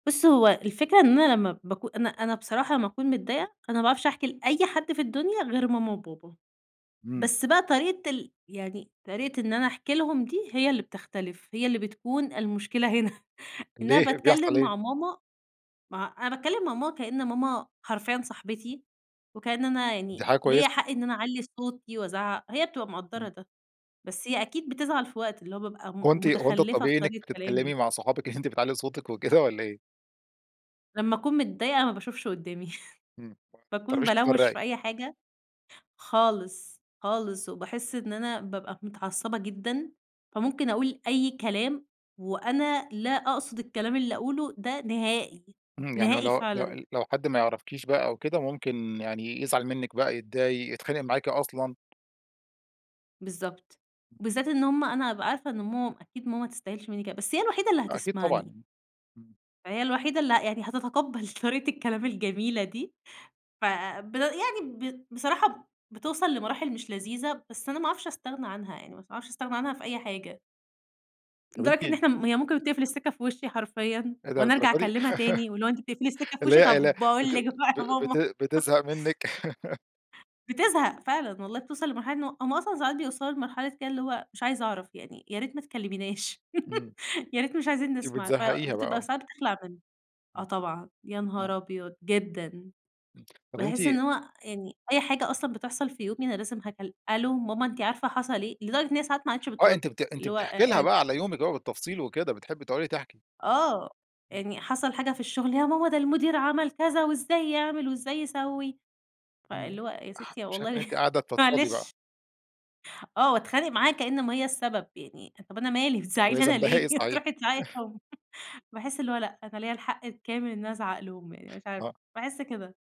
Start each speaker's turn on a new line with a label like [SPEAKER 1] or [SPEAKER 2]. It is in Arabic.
[SPEAKER 1] بُص هو الفكرة إن أنا لمّا بكو أنا أنا بصراحة لمّا أكون متضايقة، أنا ما باعرفش أحكي لأي حد في الدنيا غير ماما وبابا.
[SPEAKER 2] إمم.
[SPEAKER 1] بس بقى طريقة ال يعني طريقة إن أنا أحكي لهُم دي، هي اللي بتختلف، هي اللي بتكون المشكلة هنا. إن أنا
[SPEAKER 2] ليه، بيحصل
[SPEAKER 1] باتكلَّم
[SPEAKER 2] إيه؟
[SPEAKER 1] مع ماما ما أنا باتكلَّم مع ماما كإن ماما حرفيًا صاحبتي، وكأن أنا
[SPEAKER 2] دي
[SPEAKER 1] يعني
[SPEAKER 2] حاجة
[SPEAKER 1] ليَّ
[SPEAKER 2] كويسة.
[SPEAKER 1] حق إن أنا أعلِّي صوتي وأزعَّق. هي بتبقى مقدِّرة
[SPEAKER 2] إمم.
[SPEAKER 1] ده، بس هي أكيد بتزعَل في وقت، اللي هو بابقى م
[SPEAKER 2] كنتِ هو أنتِ
[SPEAKER 1] مُتخلِّفة في
[SPEAKER 2] الطبيعي إنِّك
[SPEAKER 1] طريقة
[SPEAKER 2] بتتكلمي
[SPEAKER 1] كلامي.
[SPEAKER 2] مع صُحابِك إن أنتِ بتعلّي صوتِك وكده والّا إيه؟
[SPEAKER 1] لمّا أكون متضايقة ما باشوفش قُدّامي،
[SPEAKER 2] إمم، ما
[SPEAKER 1] بأكون
[SPEAKER 2] بتعرفيش
[SPEAKER 1] بالَوَّش
[SPEAKER 2] تفرّقي.
[SPEAKER 1] في أي حاجة. خالص خالص، وباحِس إن أنا بابقى متعصِّبة جدًا، فممكن أقول أي كلام وأنا لا أقصد الكلام اللي أقوله ده نهائي،
[SPEAKER 2] إمم، يعني
[SPEAKER 1] نهائي
[SPEAKER 2] واللي هو
[SPEAKER 1] فعلًا.
[SPEAKER 2] لو لو حد ما يعرفكيش بقى أو كده، ممكن يعني يزعل منِّك بقى، يتضايق، يتخانِق معاكِ أصلًا.
[SPEAKER 1] بالضبط،
[SPEAKER 2] [unintelligible]
[SPEAKER 1] وبالذات إن هُم أنا هأبقى عارفة إن ماما أكيد ماما ما تستاهلش منّي كده. بس هي الوحيدة اللي
[SPEAKER 2] أكيد طبعًا.
[SPEAKER 1] هتسمعني.
[SPEAKER 2] إمم.
[SPEAKER 1] ما هي الوحيدة اللي ه يعني هتتقبَّل طريقة الكلام الجميلة دي. فب يعني ب بصراحة بتوصَّل لمراحل مش لذيذة، بس أنا ما أعرفش أستغنى عنها يعني، ما أعرفش أستغنى عنها في أي حاجة.
[SPEAKER 2] طب
[SPEAKER 1] لدرجة إن
[SPEAKER 2] أنتِ
[SPEAKER 1] إحنا م هي ممكن بتقفِل السكّة في وشِّي حرفيًا،
[SPEAKER 2] إيه ده
[SPEAKER 1] وأنا أرجَع
[SPEAKER 2] للدرجة دي؟
[SPEAKER 1] أكلِّمها تاني، واللي هو: "أنتِ بتقفِلي السكّة في
[SPEAKER 2] اللي
[SPEAKER 1] وشِّي؟
[SPEAKER 2] هي ال
[SPEAKER 1] طب باقول
[SPEAKER 2] بت
[SPEAKER 1] لِك بقى
[SPEAKER 2] ب
[SPEAKER 1] يا
[SPEAKER 2] بت
[SPEAKER 1] ماما."
[SPEAKER 2] بتزهق منِّك
[SPEAKER 1] بتزهَق فعلًا والله، بتوصَل لمرحلة إن هو هُم أصلًا ساعات بيوصَلوا لمرحلة كده، اللي هو مش عايزة أعرف يعني، "يا ريت ما تكلِّميناش،
[SPEAKER 2] إمم.
[SPEAKER 1] يا ريت مش عايزين
[SPEAKER 2] أنتِ
[SPEAKER 1] نسمَع.". آآ،
[SPEAKER 2] بتزهقيها
[SPEAKER 1] بتبقى
[SPEAKER 2] بقى.
[SPEAKER 1] ساعات بتخلَع من آه طبعًا، يا
[SPEAKER 2] [unintelligible]
[SPEAKER 1] نهار أبيض! جدًا.
[SPEAKER 2] إمم، طب أنتِ
[SPEAKER 1] باحِس إن هو يعني أي حاجة أصلًا بتحصَل في يومي أنا لازم هكل "ألو ماما أنتِ عارفة حصَل إيه؟" لدرجة إن هي ساعات ما عادِتش
[SPEAKER 2] آه،
[SPEAKER 1] بتُرُد،
[SPEAKER 2] أنتِ بت أنتِ
[SPEAKER 1] اللي هو آآ،
[SPEAKER 2] بتحكي لها
[SPEAKER 1] آآ
[SPEAKER 2] بقى على يومِك بالتفصيل وكده، بتحبي تُقعُدي تحكي.
[SPEAKER 1] آه،
[SPEAKER 2] إمم.
[SPEAKER 1] يعني حصَل حاجة في الشغل، "يا ماما ده المدير عمَل كذا، وإزاي يعمَل وإزاي يسوِّي"،
[SPEAKER 2] إمم.
[SPEAKER 1] فاللي هو "يا
[SPEAKER 2] اح
[SPEAKER 1] ستي
[SPEAKER 2] شايفة إن
[SPEAKER 1] والله
[SPEAKER 2] أنتِ قاعدة تفضفضي بقى.
[SPEAKER 1] معلش." آه، واتخانِق معاها كأن ماما هي السبب يعني، طب: "أنا مالي بتزعقي
[SPEAKER 2] وهي
[SPEAKER 1] لي أنا
[SPEAKER 2] ذنبها إيه
[SPEAKER 1] ليه، ما
[SPEAKER 2] صحيح؟
[SPEAKER 1] تروحي تزعَقي ليه هو." باحِس إن هو لأ، أنا ليَّ الحق الكامل إن أنا أزعَق لهُم يعني، مش عارفة،
[SPEAKER 2] آه.
[SPEAKER 1] باحِس كده.